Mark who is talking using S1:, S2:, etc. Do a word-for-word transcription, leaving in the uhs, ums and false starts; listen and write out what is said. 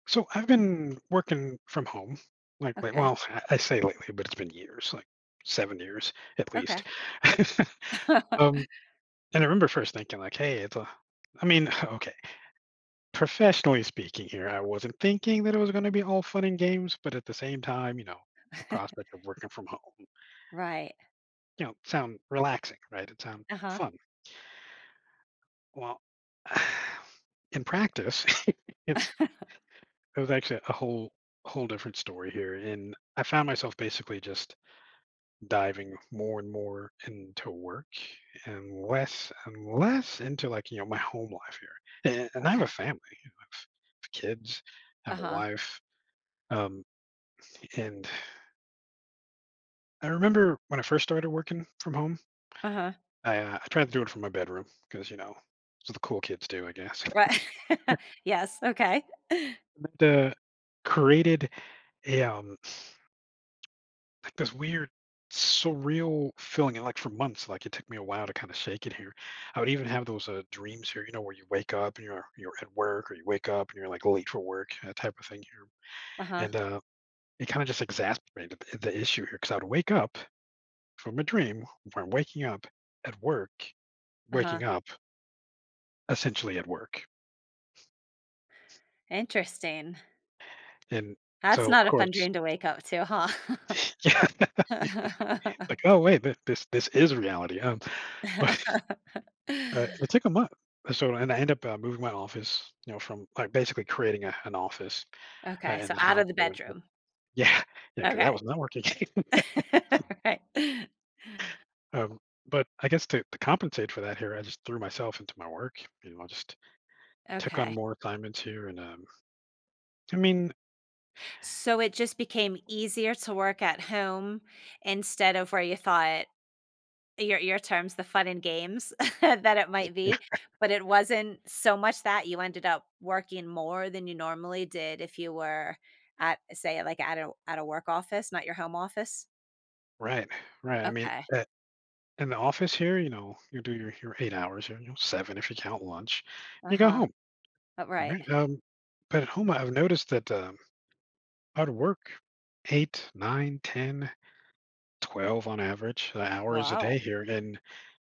S1: So, I've been working from home lately
S2: Okay.
S1: well, I say lately, but it's been years, like seven years, at least,
S2: Okay.
S1: um, and I remember first thinking like, "Hey, it's a" I mean, okay, professionally speaking here, I wasn't thinking that it was gonna be all fun and games, but at the same time, you know, the prospect of working from home
S2: Right.
S1: you know, sound relaxing, right? It sound
S2: Uh-huh.
S1: fun. Well in practice, it's it was actually a whole whole different story here, and I found myself basically just diving more and more into work and less and less into, like, you know, my home life here, a and I have a
S2: Okay.
S1: family. I have kids, I have a
S2: Uh-huh.
S1: wife, um, and I remember when I first started working from home
S2: Uh-huh.
S1: I, uh I tried to do it from my bedroom 'cause, you know, it's what the cool kids do, I guess
S2: Right. Yes, okay.
S1: and that, uh, created a, um, s like this weird surreal feeling, and, like, for months, like, it took me a while to kinda shake it here. I would even have those, uh, dreams here, you know, where you wake up and you're you're at work or you wake up and you're, like, late for work, that type of thing here
S2: Uh-huh.
S1: and, uh, it kinda just exacerbated the the issue here because I would wake up from a dream where I'm waking up at work,
S2: Uh-huh.
S1: waking up essentially at work.
S2: Interesting.
S1: And,
S2: That's
S1: so, of
S2: not a fun
S1: course
S2: dream to wake up to, huh?
S1: Yeah. Like, "Oh wait th this this is reality, huh?" But, uh, it took a month, so and I end I end up moving my office, you know, from, like, basically creating a an office, uh,
S2: Okay,
S1: in
S2: so
S1: the
S2: out
S1: house
S2: of the bedroom?
S1: Yeah. Yeah, 'cause that
S2: Okay.
S1: was not working.
S2: Alright.
S1: Um, but, I guess to to compensate for that here I just threw myself into my work, you know, I just took on
S2: Okay.
S1: more assignments here and, um, I mean
S2: So, it just became easier to work at home instead of where you thought your your terms, "the fun and games," that it might
S1: Yeah.
S2: be, but it wasn't so much that, you ended up working more than you normally did if you were at, say like, at a at a work office, not your home office?
S1: Right, right. I mean,
S2: Okay.
S1: at in the office here, you know, you do your your eight hours, you know, seven if you count lunch, you go
S2: Uh-huh.
S1: home.
S2: Uh, right.
S1: Alright? Um, but at home, I've noticed that, um, I'd work, eight, nine, ten, twelve, on average, uh, hours a day
S2: Wow.
S1: here, and